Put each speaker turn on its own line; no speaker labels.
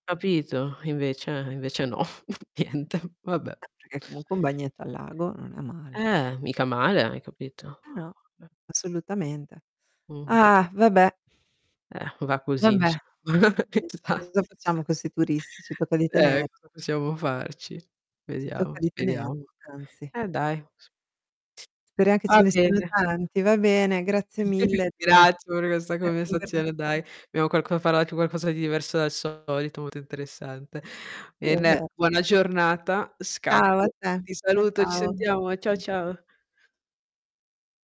Capito? Invece invece no, niente. Vabbè.
Perché comunque un bagnetto al lago non è male.
Eh, mica male, hai capito?
Ah no, assolutamente.
Mh-mh.
Ah vabbè.
Eh, va così
Vabbè.
insomma.
Niente,
Esa
cosa facciamo con 'sti turisti? Ci tocca di
Eh,
tener
cosa possiamo farci?
Ci tocca
Vediamo,
di tener
speriamo.
anzi.
Eh, dai, s
Speriam che ce
Ah
ne siano
bene.
tanti, va bene
Ma
grazie
io ti
mille della
ringrazio per questa
della
conversazione,
conversazio
dai. Abbiamo qualc imparato qualcosa di diverso dal solito, molto interessante.
Sì, è
Bene,
vero.
buona giornata,
Ciao, a
scappo.
te,
Ti
ciao
saluto, ci sentiamo eh. Ciao,
ciao.
ciao.